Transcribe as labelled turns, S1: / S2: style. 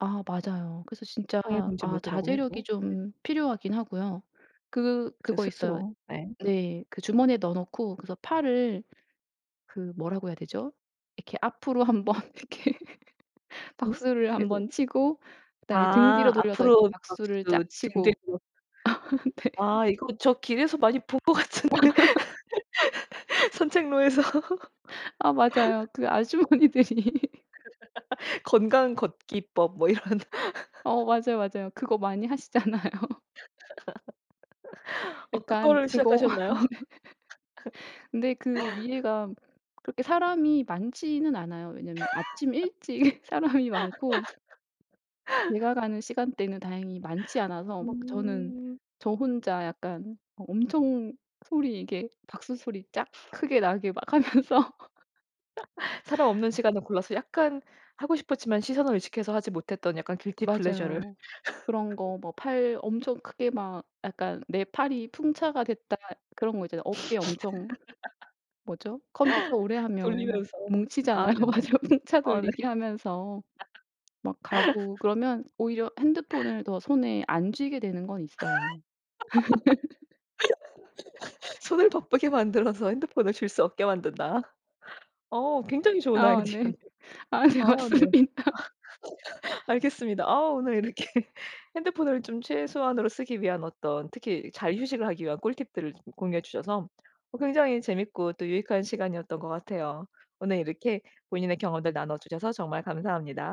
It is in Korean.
S1: 아 맞아요. 그래서 진짜
S2: 방해금지
S1: 아
S2: 모드라고
S1: 자제력이
S2: 해도. 네.
S1: 좀 필요하긴 하고요. 그
S2: 저
S1: 그거 있어요.
S2: 스스로. 네.
S1: 네. 그 주머니에 넣어놓고 그래서 팔을 그 뭐라고 해야 되죠? 이렇게 앞으로 1 번 이렇게
S2: 음.
S1: 박수를 1
S2: 그리고
S1: 번 치고 그다음에 등 뒤로
S2: 아
S1: 돌려서 이렇게
S2: 앞으로
S1: 박수를
S2: 박수
S1: 짝
S2: 등
S1: 치고
S2: 뒤로
S1: 네.
S2: 아 이거 저 길에서 많이 본 것 같은데. 산책로에서.
S1: 아 맞아요. 그 아주머니들이
S2: 건강걷기법 뭐 이런.
S1: 어 맞아요, 맞아요. 그거 많이 하시잖아요.
S2: 어
S1: 약간
S2: 그거를
S1: 그거 아 네.
S2: 시작하셨나요?
S1: 근데 그 위에가 그렇게 사람이 많지는 않아요. 왜냐면 아침 일찍 사람이 많고 내가 가는 시간대는 다행히 많지 않아서 막 저는
S2: 음.
S1: 저 혼자 약간 어 엄청 소리 이게 박수 소리 짝 크게 나게 막 하면서
S2: 사람 없는 시간을 골라서 약간 하고 싶었지만 시선을 의식해서 하지 못했던 약간 길티 플레저를.
S1: 맞아요. 그런 거 뭐 팔 엄청 크게 막 약간 '내 팔이 풍차가 됐다.' 그런 거 있잖아요. 어깨 엄청 뭐죠? 컴퓨터 오래 하면 막
S2: 돌리면서. 아
S1: 뭉치잖아요.
S2: 네네.
S1: 맞아요. 풍차
S2: 아 네.
S1: 돌리기 하면서 막 가고 그러면 오히려 핸드폰을 더 손에 안 쥐게 되는 건 있어요.
S2: 손을 바쁘게 만들어서 핸드폰을 쥘 수 없게 만든다. 어 굉장히 좋은
S1: 아 네.
S2: 아이디어네요.
S1: 아 네.
S2: 아 네.
S1: 맞습니다.
S2: 알겠습니다. 아 오늘 이렇게 핸드폰을 좀 최소한으로 쓰기 위한 어떤 특히 잘 휴식을 하기 위한 꿀팁들을 좀 공유해 주셔서 어 굉장히 재밌고 또 유익한 시간이었던 것 같아요. 오늘 이렇게 본인의 경험들 나눠주셔서 정말 감사합니다.